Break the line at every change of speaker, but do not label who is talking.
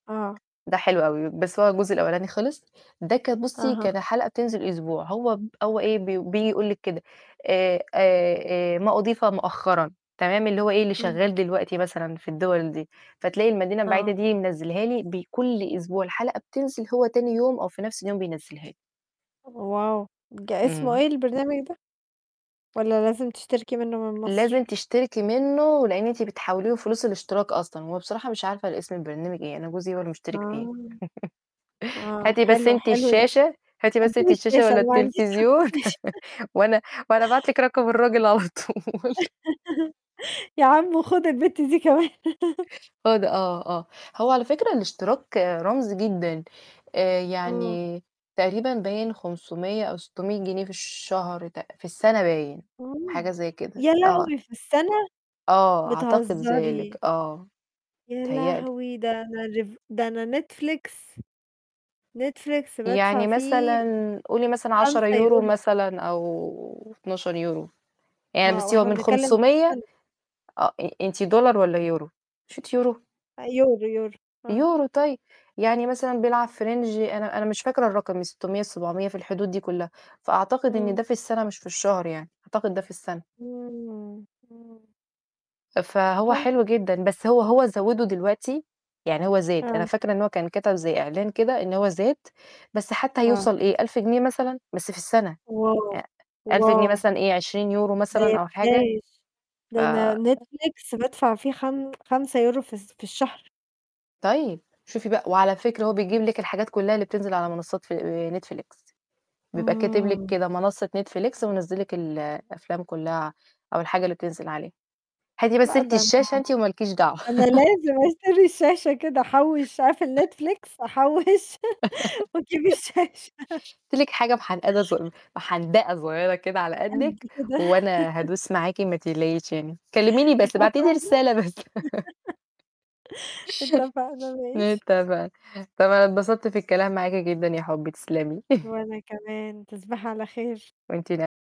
آه.
ده حلو أوي، بس هو الجزء الأولاني خِلِص، ده كان بُصّي
أها.
كان الحلقة بتنزل أسبوع، هو ب هو إيه بي بييجي يقول لِك كده، آآ آآ آآ ما أُضيف مؤخرًا، تمام، اللي هو إيه اللي
امم.
شغال دلوقتي مثلًا في الدِوَل دي، فتلاقي المدينة البعيدة
آه.
دي منزِّلها لي بكل أسبوع، الحلقة بتنزل هو تاني يوم أو في نفس اليوم بينزّلها لي.
!wow ج اسمه
امم.
إيه البرنامج ده؟ والَّا لازم تشتركي منه من مصر؟
لازم تشتركي منه، لأن أنتِ بتحولي له فلوس الاشتراك أصلًا، هو بصراحة مش عارفة الاسم البرنامج إيه، أنا جوزي هو اللي مشترك فيه.
آه. آه،
هاتي بس
حلو،
أنتِ
حلو ده،
الشاشة، هاتي بس
أجيب
أنتِ الشاشة
الشاشة،
والَّا
أنا ما عنديش حتى
التليفزيون
شاشة.
وأنا وأنا أبعت لِك رقم الراجل على طول.
يا عم وخد البت دي كمان.
هو ده آه، آه. هو على فكرة الاشتراك رمزي جدًا، آآ،
آه.
يعني تقريبًا باين 500 أو 600 جنيه في الشهر، تق في السنة باين،
امم.
حاجة زي كده،
يا
آه.
لهوي! في السنة؟!
آه، أعتقد ذلك،
بتهزري!
آه،
يا
متهيأ لي.
لهوي! ده أنا Rev ده أنا Netflix Netflix بادفع
يعني
فيه
مثلًا قولي مثلًا عشرة
خمسة
يورو
يورو في الشهر.
مثلًا أو 12€، يعني
آه،
بُصّي هو
وإحنا
من
بنتكلم في
500
السنة.
آه، أ أنتِ دولار والَّا يورو؟ مش أنتِ يورو؟
أ يورو، يورو. آه.
يورو، طيب. يعني مثلًا بيلعب في range أنا أنا مش فاكرة الرقم، من 600 ل700 في الحدود دي كُلّها، فأعتقد إن
امم.
ده في السنة مش في الشهر يعني، أعتقد ده في السنة.
امم، امم.
فهو
حلو.
حلو جدًا، بس هو هو زوِّدُه دلوقتي، يعني هو زاد، أنا
آه.
فاكرة إن هو كان كَتَب زي إعلان كده إن هو زاد، بس حتى
آه.
هيوصل إيه؟ 1.000 جنيه مثلًا؟ بس في السنة،
wow
أ 1000 جنيه
!wow!
مثلًا إيه؟ 20€
ده
مثلًا
يا
أو حاجة،
بلاش.
ف
ده أنا Netflix بادفع فيه خم خمسة يورو في الس في الشهر.
طيب، شوفي بقى، وعلى فكرة هو بيجيب لِك الحاجات كُلّها اللي بتنزل على منصات فل آآ، Netflix. بيبقى كاتب لِك
آه.
كده منصة Netflix ومنِّزل لِك الأفلام كُلّها أو الحاجة اللي بتنزل عليها، هاتي بس
لأ،
أنتِ
ده أنا
الشاشة أنتِ وما لكيش دعوة.
أنا لازم أشتري الشاشة كده، أحوِّش، أقفل Netflix أحوش وأجيب الشاشة.
هاتي لِك حاجة محندقة صغ محندقة صغيرة كده على
قد
قدِّك،
كده
وأنا هادوس معاكِ ما تقلقيش يعني، كلميني بس، ابعتي
اتفقنا
لي رسالة بس.
اتفقنا، ماشي.
اتفقنا، طَب أنا اتبسطت في الكلام معاكِ جدًا يا حُبّي، تسلمي.
وأنا كمان. تصبحي على خير.
وأنتِ من